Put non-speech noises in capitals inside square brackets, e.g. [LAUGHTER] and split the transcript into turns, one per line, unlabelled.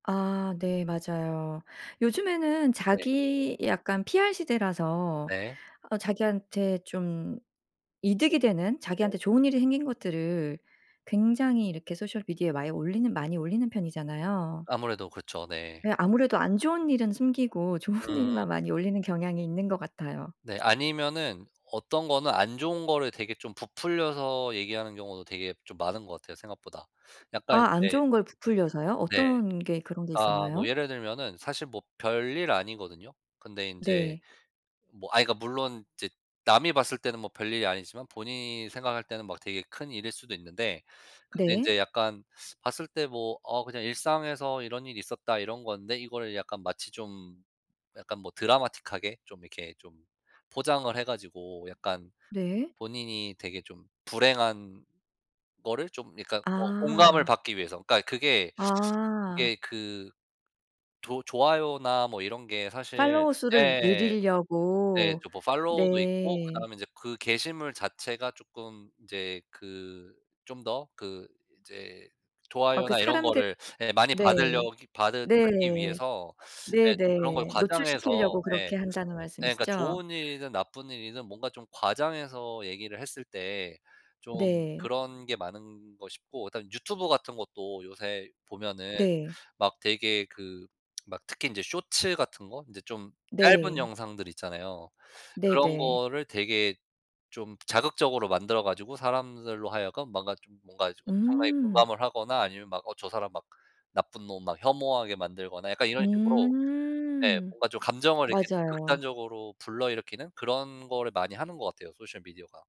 아 네 맞아요. 요즘에는
네.
자기 약간 PR 시대라서
네.
아 자기한테 좀 이득이 되는
네.
자기한테 좋은 일이 생긴 것들을 굉장히 이렇게 소셜 미디어에 많이 올리는 많이 올리는 편이잖아요.
아무래도 그렇죠. 네.
네 아무래도 안 좋은 일은 숨기고 좋은
음.
일만 많이 올리는 경향이 있는 것 같아요.
네 아니면은 어떤 거는 안 좋은 거를 되게 좀 부풀려서 얘기하는 경우도 되게 좀 많은 거 같아요 생각보다. 약간
아 안
인제
좋은 걸 부풀려서요?
네.
어떤 게 그런 게
아 뭐
있었나요?
예를 들면은 사실 뭐 별일 아니거든요? 근데 인제
네.
뭐 아 이거 물론 이제 남이 봤을 때는 뭐 별일이 아니지만 본인이 생각할 때는 막 되게 큰 일일 수도 있는데 근데
네.
이제 약간 봤을 때 뭐 '어 그냥 일상에서 이런 일이 있었다.' 이런 건데 이거를 약간 마치 좀 약간 뭐 드라마틱하게 좀 이렇게 좀 포장을 해 가지고 약간
네.
본인이 되게 좀 불행한 거를 좀 약간 어 공감을
아.
받기 위해서 그러니까 그게
아.
그게 그 조 좋아요나 뭐 이런 게 사실
팔로워 수를
예. 예
늘리려고.
또 뭐 팔로워도 있고
네.
그다음에 이제 그 게시물 자체가 쪼끔 이제 그 좀 더 그 이제
어 그
좋아요나 이런
사람들
거를 예 많이
네.
받으려 기 받으 받기
네.
위해서 예 좀 그런 걸
네네.
과장해서
노출시키려고
예.
그렇게
예
한다는
그러니까
말씀이시죠?
좋은 일이든 나쁜 일이든 뭔가 좀 과장해서 얘기를 했을 때 좀
네.
그런 게 많은 거 싶고 그다음 유튜브 같은 것도 요새 보면은
네.
막 되게 그 [SMACKS LIPS] 막 특히 이제 쇼츠 같은 거 이제 좀 짧은
네.
영상들 있잖아요. 그런
네네.
거를 되게 좀 자극적으로 만들어 가지고 사람들로 하여금 뭔가 좀 뭔가 엄청나게
음.
공감을 하거나 아니면 막 어 저 사람 막 나쁜 놈 막 혐오하게 만들거나 약간 이런 식으로 네
음.
뭔가 좀 감정을 이렇게 좀
맞아요.
극단적으로 불러일으키는 그런 거를 많이 하는 것 같아요 소셜 미디어가.